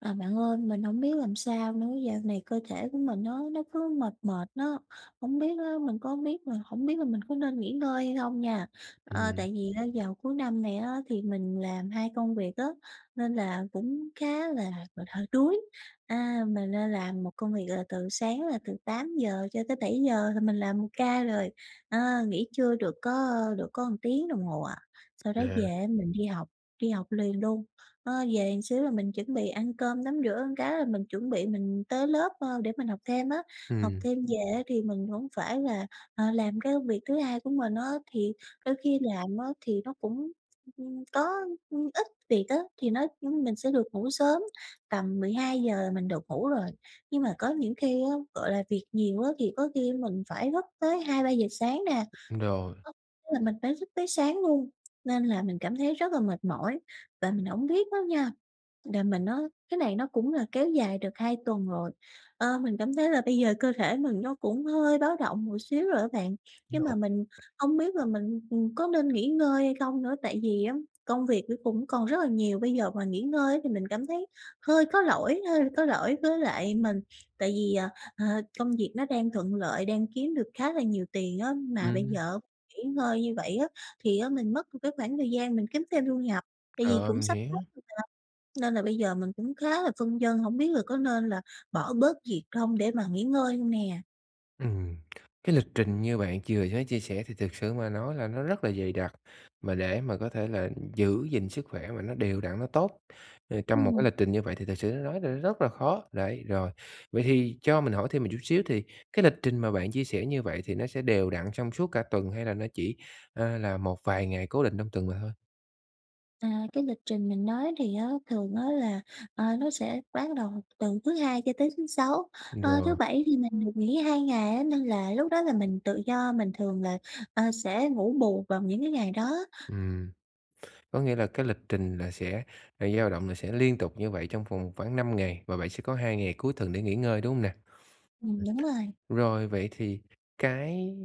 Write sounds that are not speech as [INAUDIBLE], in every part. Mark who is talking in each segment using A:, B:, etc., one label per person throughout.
A: À, bạn ơi, mình hổng biết làm sao nữa, dạo này cơ thể của mình nó nó cứ mệt mệt á. Hông biết á, mình cũng hông biết là hổng biết là mình có nên nghỉ ngơi hay không nha? Ờ,
B: Ừm.
A: tại vì á vào cuối năm này á thì mình làm 2 công việc á, nên là cũng khá là gọi là, hơi đuối. À, mình đang làm một công việc là từ sáng là từ 8:00 cho tới 7:00 là mình làm một ca rồi, ờ, nghỉ trưa được có được có một tiếng đồng hồ à. Sau đó
B: À.
A: về á, mình đi học đi học liền luôn. Ơ, về một xíu là mình chuẩn bị ăn cơm, tắm rửa cái là mình chuẩn bị mình tới lớp, ơ, để mình học thêm á. Học
B: Ừm.
A: thêm về á thì mình hổng phải là ờ, làm cái công việc thứ hai của mình á, thì đôi khi làm á thì nó cũng, ưm, có, ưm, ít việc á thì nó, ưm, mình sẽ được ngủ sớm, tầm 12:00 là mình được ngủ rồi. Nhưng mà có những khi á, gọi là, việc nhiều á thì có khi mình phải thức tới 2:00-3:00 sáng nè,
B: Rồi.
A: [UNINTELLIGIBLE] tức là mình phải thức tới sáng luôn. Nên là mình cảm thấy rất là mệt mỏi, và mình hổng biết á nha đà mà nó cái này nó cũng là kéo dài được 2 tuần rồi. Ờ, mình cảm thấy là bây giờ cơ thể mình nó cũng hơi báo động một xíu rồi đó bạn, nhưng mà mình
B: [UNINTELLIGIBLE]
A: hông biết là mình, ừm, có nên nghỉ ngơi hay không nữa, tại vì á công việc nó cũng còn rất là nhiều. Bây giờ mà nghỉ ngơi á thì mình cảm thấy hơi có lỗi hơi có lỗi với lại mình, tại vì, ờ, ờ, công việc nó đang thuận lợi, đang kiếm được khá là nhiều tiền á mà bây
B: Ừm.
A: giờ nghỉ ngơi như vậy á, thì á mình mất một cái khoảng thời gian mình kiếm thêm thu nhập, tại vì
B: Ờ,
A: cũng
B: mình
A: sắp
B: hiểu.
A: hết [UNINTELLIGIBLE] Nên là bây giờ mình cũng khá là phân vân, hổng biết là có nên là bỏ bớt việc không để mà nghỉ ngơi hông nè?
B: Ừm, cái lịch trình như bạn chừa với chia sẻ thì thực sự mà nói là nó rất là dày đặc, mà để mà có thể là giữ gìn sức khỏe mà nó đều đặn, nó tốt, ơ, trong một cái
A: Ừm.
B: lịch trình như vậy thì thực sự nói là rất là khó, đấy, rồi. Vậy thì cho mình hỏi thêm một chút xíu, thì cái lịch trình mà bạn chia sẻ như vậy thì nó sẽ đều đặn trong suốt cả tuần hay là nó chỉ, ờ, là một vài ngày cố định trong tuần mà thôi?
A: À, cái lịch trình mình nói thì thường á là, ờ, nó sẽ bắt đầu từ thứ Hai cho tới thứ Sáu. Ơ, thứ
B: Rồi.
A: Bảy thì mình được nghỉ 2 ngày á, nên là lúc đó là mình tự do, mình thường là, ờ, sẽ ngủ bù vào những cái ngày đó á.
B: Ừm. Có nghĩa là cái lịch trình là sẽ là dao động là sẽ liên tục như vậy trong vòng khoảng 5 ngày, và bạn sẽ có 2 ngày cuối tuần để nghỉ ngơi, đúng hông nè?
A: Ừm, đúng rồi.
B: Ừm, rồi, vậy thì cái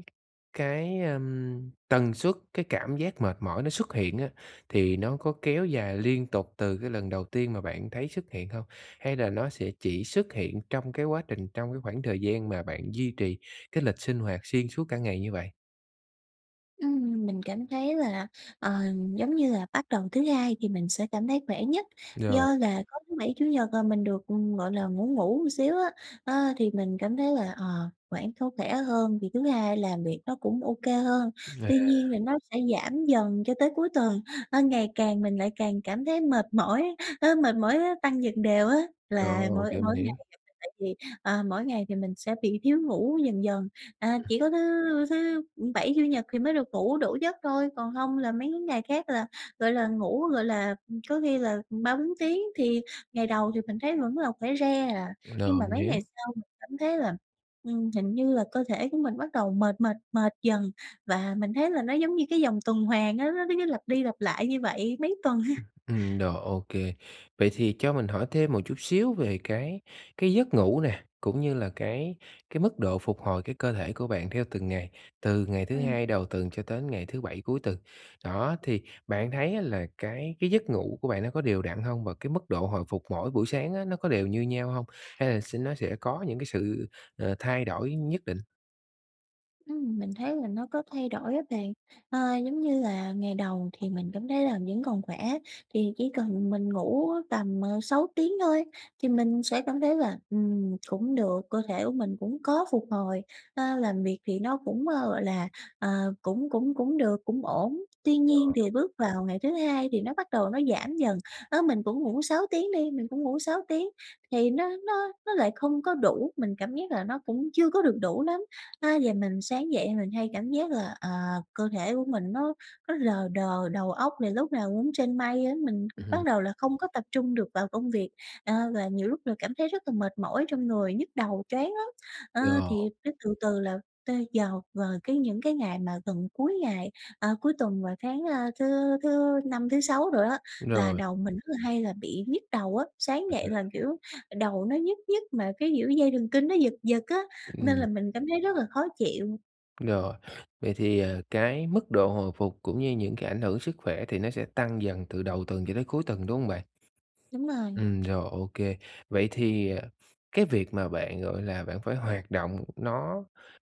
B: cái, ờm, tần suất cái cảm giác mệt mỏi nó xuất hiện á thì nó có kéo dài liên tục từ cái lần đầu tiên mà bạn thấy xuất hiện hông? Hay là nó sẽ chỉ xuất hiện trong cái quá trình trong cái khoảng thời gian mà bạn duy trì cái lịch sinh hoạt xuyên suốt cả ngày như vậy?
A: Ừm, mình cảm thấy là, ờ, giống như là, bắt đầu thứ Hai thì mình sẽ cảm thấy khỏe nhất,
B: Rồi.
A: do là có thứ Bảy, Chủ Nhật là mình được, gọi là, ngủ ngủ xíu á, ơ, thì mình cảm thấy là, ờ, khoảng có khỏe hơn thì thứ Hai làm việc nó cũng OK hơn.
B: Vậy
A: Tuy nhiên
B: à?
A: là nó sẽ giảm dần cho tới cuối tuần, ơ, ngày càng mình lại càng cảm thấy mệt mỏi, ơ, mệt mỏi á tăng dần đều á. Là
B: Ồ!
A: mỗi
B: Kìa mình
A: mỗi ngày
B: hiểu.
A: [UNINTELLIGIBLE] tại vì, à, mỗi ngày thì mình sẽ bị thiếu ngủ dần dần, à,
B: Ừm.
A: chỉ có thứ thứ Bảy, Chủ Nhật thì mới được ngủ đủ giấc thôi, còn hông là mấy cái ngày khác là, gọi là, ngủ, gọi là, có khi là 3-4 tiếng. Thì ngày đầu thì mình thấy vẫn là khỏe re à, nhưng
B: Rồi,
A: mà
B: mình
A: mấy ngày
B: hiểu.
A: sau mình cảm thấy là, ừm, hình như là cơ thể của mình bắt đầu mệt, mệt, mệt dần và mình thấy là nó giống như cái vòng tuần hoàn á, nó nó nó cứ lặp đi lặp lại như vậy mấy tuần ha.
B: [UNINTELLIGIBLE] Ừm, rồi, OK. Vậy thì cho mình hỏi thêm một chút xíu về cái cái giấc ngủ nè, cũng như là cái cái mức độ phục hồi cái cơ thể của bạn theo từng ngày, từ ngày thứ
A: Ừm.
B: Hai đầu tuần cho tới ngày thứ Bảy cuối tuần. Đó, thì bạn thấy á là cái cái giấc ngủ của bạn nó có đều đặn hông? Và cái mức độ hồi phục mỗi buổi sáng á, nó có đều như nhau hông? Hay là s nó sẽ có những cái sự, ờ, thay đổi nhất định?
A: Ừm, mình thấy là nó có thay đổi á bạn. À, giống như là ngày đầu thì mình cảm thấy làm vẫn còn khỏe, thì chỉ cần mình ngủ tầm, ờ, 6 tiếng thôi thì mình sẽ cảm thấy là, ừm, cũng được, cơ thể của mình cũng có phục hồi, ơ, làm việc thì nó cũng, ờ, gọi là, ờ, cũng cũng cũng được, cũng ổn. Tuy nhiên
B: [UNINTELLIGIBLE]
A: thì bước vào ngày thứ hai thì nó bắt đầu nó giảm dần, đó mình cũng ngủ 6 tiếng đi, mình cũng ngủ 6 tiếng thì nó nó nó lại không có đủ, mình cảm giác là nó cũng chưa có được đủ lắm. A, giờ mình sáng dậy mình hay cảm giác là, ờ, cơ thể của mình nó nó lờ đờ đầu óc thì lúc nào cũng trên mây á, mình
B: Ừm hứm.
A: bắt đầu là không có tập trung được vào công việc, ờ, và nhiều lúc là cảm thấy rất là mệt mỏi trong người, nhức đầu choáng lắm. Ờ,
B: Yeah.
A: thì cái từ từ là tới giờ vào cái những cái ngày mà gần cuối ngày à, cuối tuần và sáng, a, thứ thứ Năm, thứ Sáu đồ á là
B: Rồi.
A: đầu mình rất là hay là bị nhức đầu á, sáng dậy là
B: [UNINTELLIGIBLE]
A: kiểu đầu nó nhức nhức mà cái, kiểu, dây thần kinh nó giật giật á nên
B: Ừm.
A: là mình cảm thấy rất là khó chịu.
B: Rồi, vậy thì, ờ, cái mức độ hồi phục cũng như những cái ảnh hưởng sức khỏe thì nó sẽ tăng dần từ đầu tuần cho tới cuối tuần, đúng hông bạn?
A: Đúng rồi.
B: Ừm, rồi, ô kê. Vậy thì, ờ, cái việc mà bạn, gọi là, bạn phải hoạt động nó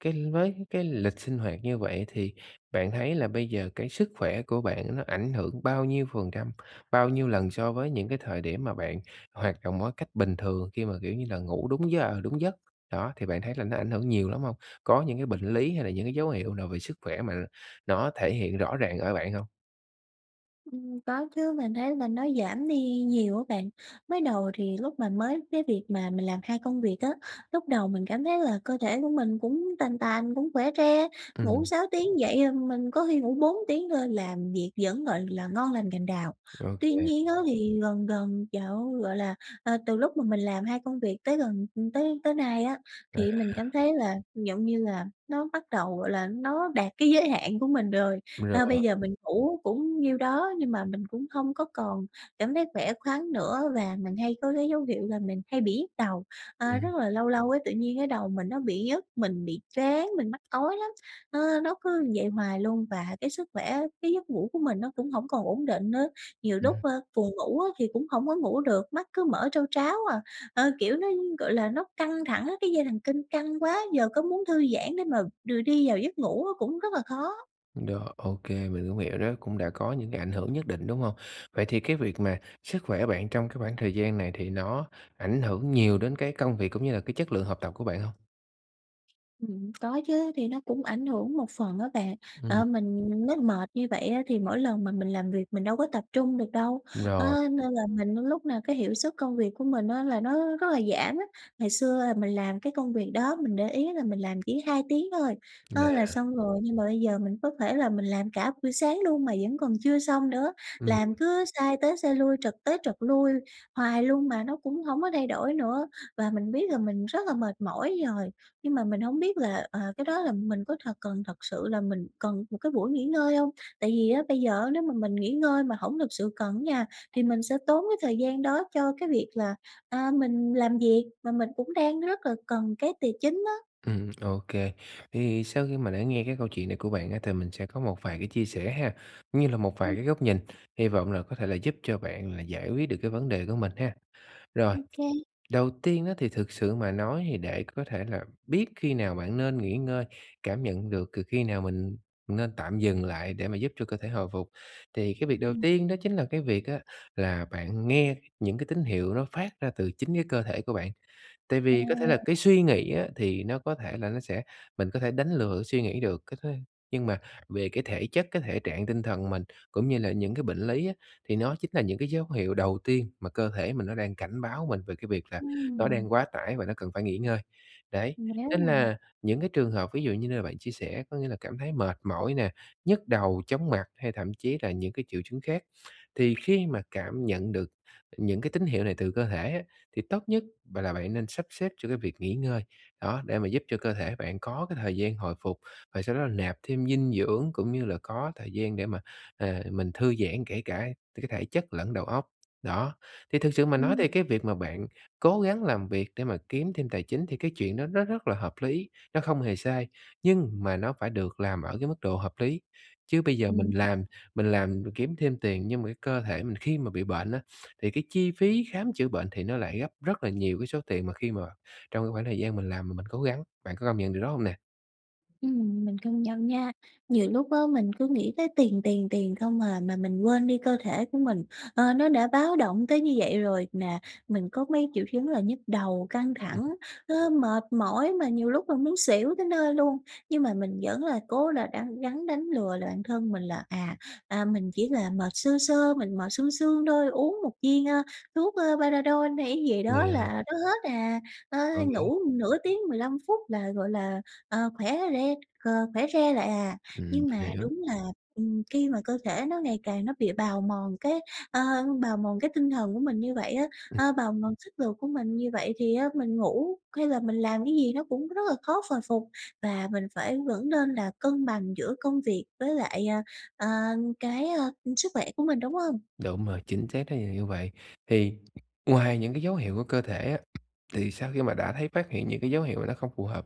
B: [UNINTELLIGIBLE] với cái lịch sinh hoạt như vậy thì bạn thấy là bây giờ cái sức khỏe của bạn nó ảnh hưởng bao nhiêu phần trăm, bao nhiêu lần so với những cái thời điểm mà bạn hoạt động mỗi cách bình thường khi mà, kiểu như là, ngủ đúng giờ đúng giấc, đó, thì bạn thấy là nó ảnh hưởng nhiều lắm hông? Có những cái bệnh lý hay là những cái dấu hiệu nào về sức khỏe mà nó thể hiện rõ ràng ở bạn hông?
A: Ừm, có chứ, mình thấy mình nói giảm đi nhiều á bạn. Mới đầu thì lúc mà mới cái việc mà mình làm 2 công việc á, lúc đầu mình cảm thấy là cơ thể của mình cũng tàn tàn, cũng khỏe re, ngủ
B: Ừm.
A: 6 tiếng dậy, ờm, mình có khi ngủ 4 tiếng thôi làm việc vẫn, gọi là, ngon lành cành đào.
B: Ô
A: Tuy
B: kê.
A: nhiên á thì gần gần dạo gọi là, ờ, từ lúc mà mình làm 2 công việc tới gần ưm, tới tới nay á, thì
B: À.
A: mình cảm thấy là, giọng như là, nó bắt đầu, gọi là, nó đạt cái giới hạn của mình rồi. Ơ,
B: Rồi.
A: bây giờ mình ngủ cũng nhiêu đó nhưng mà mình cũng không có còn cảm thấy khỏe khoắn nữa và mình hay có cái dấu hiệu là mình hay bị nhức đầu, à,
B: Ừm.
A: rất là lâu lâu ấy tự nhiên cái đầu mình nó bị nhức, mình bị choáng, mình mắc ói lắm. Ơ, nó cứ vậy hoài luôn và cái sức khỏe, cái giấc ngủ của mình nó cũng hổng còn ổn định nữa, nhiều
B: Ừm.
A: lúc, ơ, buồn ngủ á thì cũng hổng có ngủ được, mắt cứ mở trao tráo à. Ờ, kiểu, nó, gọi là, nó căng thẳng á, cái dây thần kinh căng quá, giờ có muốn thư giãn để mà đưa đi vào giấc ngủ á cũng rất là khó.
B: Rồi, ô kê, mình cũng hiểu đó cũng đã có những cái ảnh hưởng nhất định, đúng hông? Vậy thì cái việc mà sức khỏe của bạn trong cái khoảng thời gian này thì nó ảnh hưởng nhiều đến cái công việc cũng như là cái chất lượng học tập của bạn hông?
A: Ừm, có chứ, thì nó cũng ảnh hưởng một phần á bạn.
B: Ừm.
A: Ờ, mình mới mệt như vậy á, thì mỗi lần mà mình làm việc mình đâu có tập trung được đâu,
B: Đúng rồi.
A: á, nên là mình lúc nào cái hiệu suất công việc của mình á, là nó rất là giảm á. Ngày xưa là mình làm cái công việc đó, mình để ý là mình làm chỉ 2 tiếng thôi, đó là
B: Yeah.
A: xong rồi nhưng mà bây giờ mình có thể là mình làm cả buổi sáng luôn mà vẫn còn chưa xong nữa,
B: Ừm.
A: làm cứ sai tới sai lui, trật tới trật lui hoài luôn mà nó cũng hổng có thay đổi nữa. Và mình biết là mình rất là mệt mỏi rồi, nhưng mà mình hổng biết là, ờ, cái đó là mình có thật cần thật sự là mình cần một cái buổi nghỉ ngơi hông? Tại vì á, bây giờ á, nếu mà mình nghỉ ngơi mà hổng thực sự cần á nha, thì mình sẽ tốn cái thời gian đó cho cái việc là, a, mình làm việc, mà mình cũng đang rất là cần cái tì chính á.
B: Ừm, ô kê. Thì sau khi mà đã nghe cái câu chuyện này của bạn á, thì mình sẽ có một vài cái chia sẻ ha, cũng như là một vài
A: Ừm.
B: cái góc nhìn, hy vọng là có thể là giúp cho bạn là giải quyết được cái vấn đề của mình ha. Rồi,
A: Ô kê.
B: đầu tiên á, thì thực sự mà nói thì để có thể là biết khi nào bạn nên nghỉ ngơi, cảm nhận được cừ khi nào mình nên tạm dừng lại để mà giúp cho cơ thể hồi phục, thì cái việc đầu
A: Ừm.
B: tiên đó chính là cái việc á, là bạn nghe những cái tín hiệu nó phát ra từ chính cái cơ thể của bạn. Tại vì có thể là cái
A: [UNINTELLIGIBLE]
B: suy nghĩ á, thì nó có thể là nó sẽ mình có thể đánh lừa cái suy nghĩ được, cái thế nhưng mà về cái thể chất, cái thể trạng tinh thần mình, cũng như là những cái bệnh lý á, thì nó chính là những cái dấu hiệu đầu tiên mà cơ thể mình nó đang cảnh báo mình về cái việc là nó
A: Ừm.
B: đang quá tải, và nó cần phải nghỉ ngơi. Đấy,
A: Mà nếu
B: nên
A: mà
B: là những cái trường hợp ví dụ như là bạn chia sẻ có nghĩa là cảm thấy mệt mỏi nè, nhức đầu, chóng mặt, hay thậm chí là những cái triệu chứng khác thì khi mà cảm nhận được những cái tín hiệu này từ cơ thể á, thì tốt nhất bạn là bạn nên sắp xếp cho cái việc nghỉ ngơi. Đó, để mà giúp cho cơ thể bạn có cái thời gian hồi phục, và sau đó là nạp thêm dinh dưỡng, cũng như là có thời gian để mà, ờ, mình thư giãn kể cả cái thể chất lẫn đầu óc. Đó, thì thực sự mà nói
A: Ừm.
B: thì cái việc mà bạn cố gắng làm việc để mà kiếm thêm tài chính thì cái chuyện đó nó rất là hợp lý, nó không hề sai, nhưng mà nó phải được làm ở cái mức độ hợp lý. Chứ bây giờ mình
A: Ừm. [UNINTELLIGIBLE]
B: làm mình làm rồi kiếm thêm tiền nhưng mà cái cơ thể mình khi mà bị bệnh á, thì cái chi phí khám chữa bệnh thì nó lại gấp rất là nhiều cái số tiền mà khi mà trong cái khoảng thời gian mình làm mà mình cố gắng, bạn có công nhận điều đó hông nè?
A: Ừm, mình công nhận nha! Nhiều lúc á, mình cứ nghĩ tới tiền, tiền, tiền không à, mà mình quên đi cơ thể của mình. Ờ, nó đã báo động tới như vậy rồi mà mình có mấy triệu chứng là nhức đầu, căng
B: Ừm.
A: thẳng, nó mệt mỏi mà nhiều lúc là muốn xỉu tới nơi luôn, nhưng mà mình vẫn là cố là đắng gắng đánh lừa là bạn thân mình là, à, à, mình chỉ là mệt sơ sơ, mình mệt sương sương thôi, uống một viên, a, thuốc, ơ, Panadol hay cái gì
B: Vậy
A: đó
B: hả?
A: là nó hết à, ơ,
B: Ờ, vậy
A: ngủ nửa tiếng, 15 phút là, gọi là, ờ, khỏe re, ờ, khỏe re lại à.
B: Ừm,
A: Nhưng
B: mình
A: mà
B: hiểu.
A: đúng là, ừm, khi mà cơ thể nó ngày càng nó bị bào mòn cái, ờ, bào mòn cái tinh thần của mình như vậy á,
B: Ừm.
A: ờ, bào mòn sức lực của mình như vậy thì á mình ngủ hay là mình làm cái gì nó cũng rất là khó hồi phục, và mình phải vẫn nên là cân bằng giữa công việc với lại, à, à, cái, à, sức khỏe của mình, đúng hông?
B: Đúng rồi, chính xác, thí dụ như vậy. Thì [HICCUPS] ngoài những cái dấu hiệu của cơ thể á, thì sau khi mà đã thấy phát hiện những cái dấu hiệu mà nó không phù hợp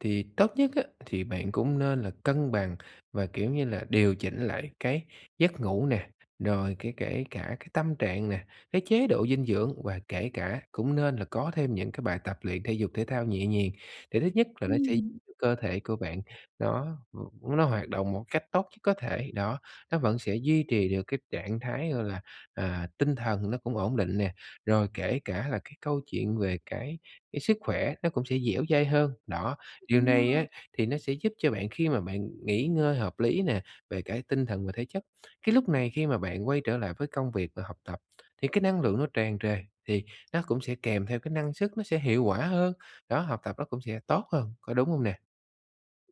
B: thì tốt nhất á thì bạn cũng nên là cân bằng và, kiểu như là, điều chỉnh lại cái giấc ngủ nè, rồi kể kể cả cái tâm trạng nè, cái chế độ dinh dưỡng, và kể cả cũng nên là có thêm những cái bài tập luyện thể dục thể thao nhẹ nhàng. Thì thứ nhất là nó sẽ giúp
A: Ừm.
B: cơ thể của bạn nó, ừm, nó hoạt động một cách tốt nhất có thể, đó, nó vẫn sẽ duy trì được cái trạng thái, gọi là, à, tinh thần nó cũng ổn định nè, rồi kể cả là cái câu chuyện về cái cái sức khỏe nó cũng sẽ dẻo dai hơn, đó. Điều
A: Đúng
B: này á
A: nha.
B: thì nó sẽ giúp cho bạn khi mà bạn nghỉ ngơi hợp lý nè, về cả tinh thần và thể chất. Cái lúc này khi mà bạn quay trở lại với công việc và học tập, thì cái năng lượng nó tràn trề, thì nó cũng sẽ kèm theo cái năng suất nó sẽ hiệu quả hơn, đó, học tập nó cũng sẽ tốt hơn, có đúng hông nè?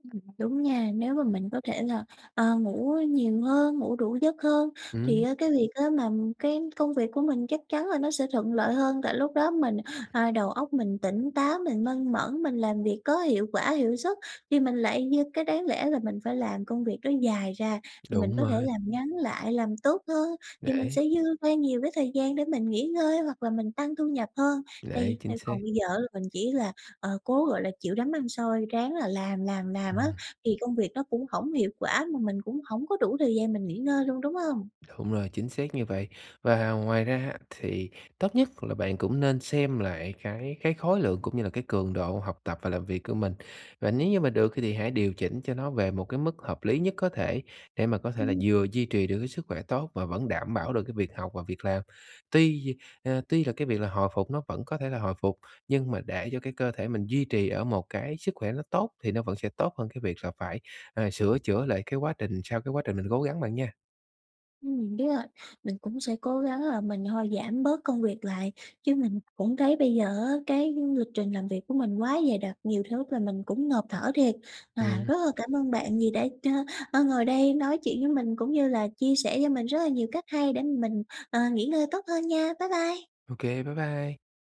A: Ừm, đúng nha. Nếu mà mình có thể là, ờ, ngủ nhiều hơn, ngủ đủ giấc hơn thì
B: Ừm.
A: á cái việc á mà cái công việc của mình chắc chắn là nó sẽ thuận lợi hơn, tại lúc đó mình ờ, đầu óc mình tỉnh táo, mình minh mẫn, mình làm việc có hiệu quả, hiệu suất, thì mình lại như cái đáng lẽ là mình phải làm công việc đó dài ra thì mình
B: Đúng
A: có thể
B: rồi.
A: làm ngắn lại, làm tốt hơn thì mình
B: Đấy.
A: sẽ dư ra nhiều cái thời gian để mình nghỉ ngơi hoặc là mình tăng thu nhập hơn.
B: Đấy,
A: Thì
B: chính
A: theo
B: xác.
A: còn bây giờ á mình chỉ là, ờ, cố, gọi là, chịu đấm ăn xôi, ráng là làm, làm, làm á
B: Ừm.
A: thì công việc nó cũng hổng hiệu quả, mà mình cũng hổng có đủ thời gian mình nghỉ ngơi luôn, đúng hông?
B: Đúng rồi, chính xác như vậy. Và ngoài ra á thì tốt nhất là bạn cũng nên xem lại cái cái khối lượng cũng như là cái cường độ học tập và làm việc của mình. Và nếu như mà được thì hãy điều chỉnh cho nó về một cái mức hợp lý nhất có thể, để mà có thể là
A: Ừm.
B: vừa duy trì được cái sức khỏe tốt và vẫn đảm bảo được cái việc học và việc làm. Tuy, à, tuy là cái việc là hồi phục nó vẫn có thể là hồi phục, nhưng mà để cho cái cơ thể mình duy trì ở một cái sức khỏe nó tốt, thì nó vẫn sẽ tốt hơn cái việc là phải, à, sửa chữa lại cái quá trình sau cái quá trình mình cố gắng bạn nha.
A: Ừm, biết rồi, mình cũng sẽ cố gắng là mình thôi, giảm bớt công việc lại, chứ mình cũng thấy bây giờ á cái lịch trình làm việc của mình quá dày đặc, nhiều thứ là mình cũng ngộp thở thiệt. À,
B: Ừm.
A: rất là cảm ơn bạn vì đã ch ơ, ngồi đây nói chuyện với mình cũng như là chia sẻ cho mình rất là nhiều cách hay để mà mình, ờ, nghỉ ngơi tốt hơn nha. Bye bye!
B: Ô kê, bye bye!